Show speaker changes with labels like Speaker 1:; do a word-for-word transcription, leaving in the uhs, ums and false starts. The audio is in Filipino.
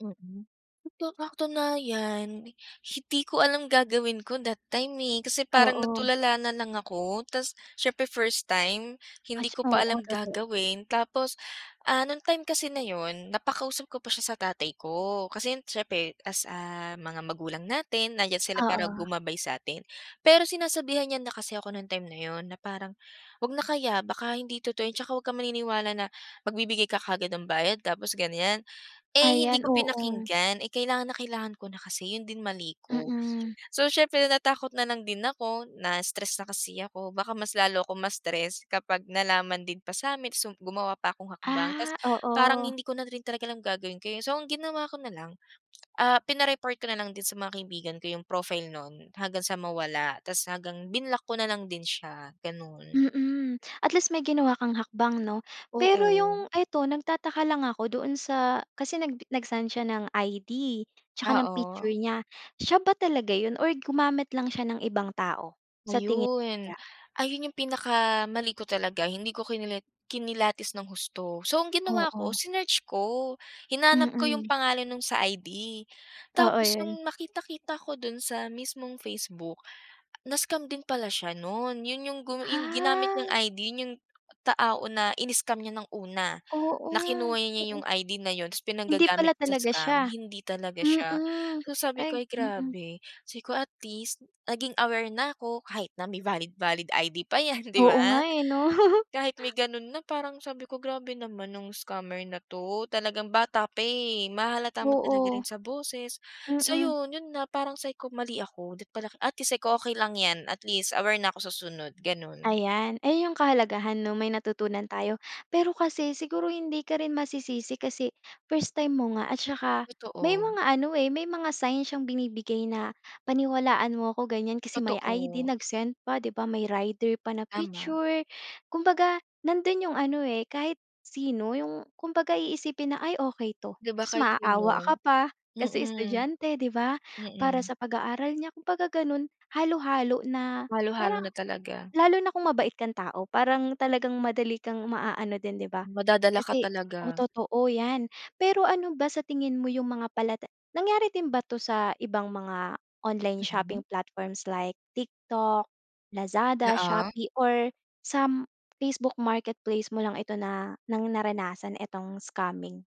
Speaker 1: Mm, sa katunayan hindi ko alam gagawin ko that time eh kasi parang
Speaker 2: Oo.
Speaker 1: natulala nalang ako tapos siyempre first time
Speaker 2: At
Speaker 1: hindi ko
Speaker 2: tsa
Speaker 1: pa
Speaker 2: oo,
Speaker 1: alam
Speaker 2: totoo.
Speaker 1: gagawin tapos, ah, nung time kasi na yun napakausap ko pa siya sa tatay ko kasi yun siyempre as, ah, mga magulang natin nandiyan sila para
Speaker 2: Oo.
Speaker 1: gumabay sa atin. Pero sinasabihan niya na kasi ako nung time na yun na parang, "'Wag na kaya baka hindi totoo tsaka 'wag kang maniniwala na magbibigay ka kaagad ng bayad tapos ganiyan." Eh hindi
Speaker 2: Ayan,
Speaker 1: ko
Speaker 2: oo.
Speaker 1: pinakinggan, eh kailangan na kailangan ko na kasi, yun din mali ko.
Speaker 2: Mm.
Speaker 1: So, siyempre natakot nalang din ako, na-stress na kasi ako, baka mas lalo ako ma-stress kapag nalaman din pa sa'min, sum gumawa pa akong hakbang.
Speaker 2: Ah,
Speaker 1: Tapos parang
Speaker 2: oo.
Speaker 1: hindi ko na rin talaga alam gagawin ko eh. So, ang ginawa ko nalang, ah, pina-report ko nalang din sa mga kaibigan ko yung profile nun hanggang sa mawala tapos hanggang binlock ko nalang din siya, gano'n.
Speaker 2: Mm, at least may ginawa kang hakbang, 'no? Pero
Speaker 1: Oo.
Speaker 2: yung eto, nagtataka lang ako doon sa kasi nag nagsend siya ng I-D tsaka ng picture
Speaker 1: Oo.
Speaker 2: niya, siya ba talaga yun or gumamit lang siya ng ibang tao, sa tingin mo
Speaker 1: Ayun.
Speaker 2: kaya?
Speaker 1: Ayun yung pinakamali ko talaga hindi ko kinila kinilatis ng husto. So, ang ginawa ko
Speaker 2: Oo.
Speaker 1: sinearch ko, hinanap ko yung
Speaker 2: Mm.
Speaker 1: pangalan nung sa I-D
Speaker 2: Oo,
Speaker 1: tapos
Speaker 2: yun.
Speaker 1: nung nakita-kita ko dun sa mismong Facebook, na-scam din pala siya nun. Yun yung gu ginamit niyang
Speaker 2: Ah.
Speaker 1: I-D yun yung tao na ini-scam niya ng una,
Speaker 2: Oo,
Speaker 1: na kinuha niya
Speaker 2: mm.
Speaker 1: yung I-D na yun tapos
Speaker 2: Hindi pala
Speaker 1: pinanggagamit sa
Speaker 2: talaga
Speaker 1: scam,
Speaker 2: siya.
Speaker 1: hindi talaga siya.
Speaker 2: Mm,
Speaker 1: So, sabi ko,
Speaker 2: ay,
Speaker 1: "Ay,
Speaker 2: mm.
Speaker 1: grabe," say ko at least naging aware na ako kahit na may valid-valid I-D pa yan, di
Speaker 2: Oo nga
Speaker 1: ba?
Speaker 2: eh, 'no?
Speaker 1: Kahit may ganun na parang sabi ko, "Grabe naman nung scammer na 'to," talagang bata pa eh. Mahahalata mo talaga
Speaker 2: Oo.
Speaker 1: rin sa boses. So,
Speaker 2: Mm.
Speaker 1: yun, yun na parang sabi ko, "Mali ako." Dapat pala atleast sabi ko, "okey lang yan," atleast aware na ako sa sunod, gano'n.
Speaker 2: Ayan, ayun yung kahalagahan, 'no, may natutunan tayo. Pero kasi siguro hindi ka rin masisisi kasi first time mo nga at tsaka may
Speaker 1: Totoo.
Speaker 2: mga ano eh, may mga sign syang binibigay na paniwalaan mo ako, ganiyan, kasi may I-D
Speaker 1: Totoo.
Speaker 2: nagsend pa di ba, may rider pa na
Speaker 1: Tama.
Speaker 2: picture. Kumbaga nandun yung ano eh, kahit sino yung, kumbaga, iisipin na, "ay, okey 'to,"
Speaker 1: Di ba
Speaker 2: tapos
Speaker 1: kahit
Speaker 2: maaawa ka
Speaker 1: sino?
Speaker 2: pa kasi
Speaker 1: Mm.
Speaker 2: estudyante, di ba, para
Speaker 1: Mm.
Speaker 2: sa pag-aaral niya kumbaga gano'n, halo-halo na
Speaker 1: Halo-halo
Speaker 2: parang
Speaker 1: na talaga.
Speaker 2: lalo na kung mabait kang tao parang talagang madali kang maaano din, di ba?
Speaker 1: Madadala ka
Speaker 2: Kasi o
Speaker 1: talaga.
Speaker 2: totoo yan. Pero ano ba sa tingin mo yung mga palatan nangyari din ba 'to sa ibang mga online
Speaker 1: Mm.
Speaker 2: shopping platforms like TikTok, Lazada,
Speaker 1: Oo.
Speaker 2: Shopee or sa Facebook marketplace mo lang ito na ng naranasan itong scamming?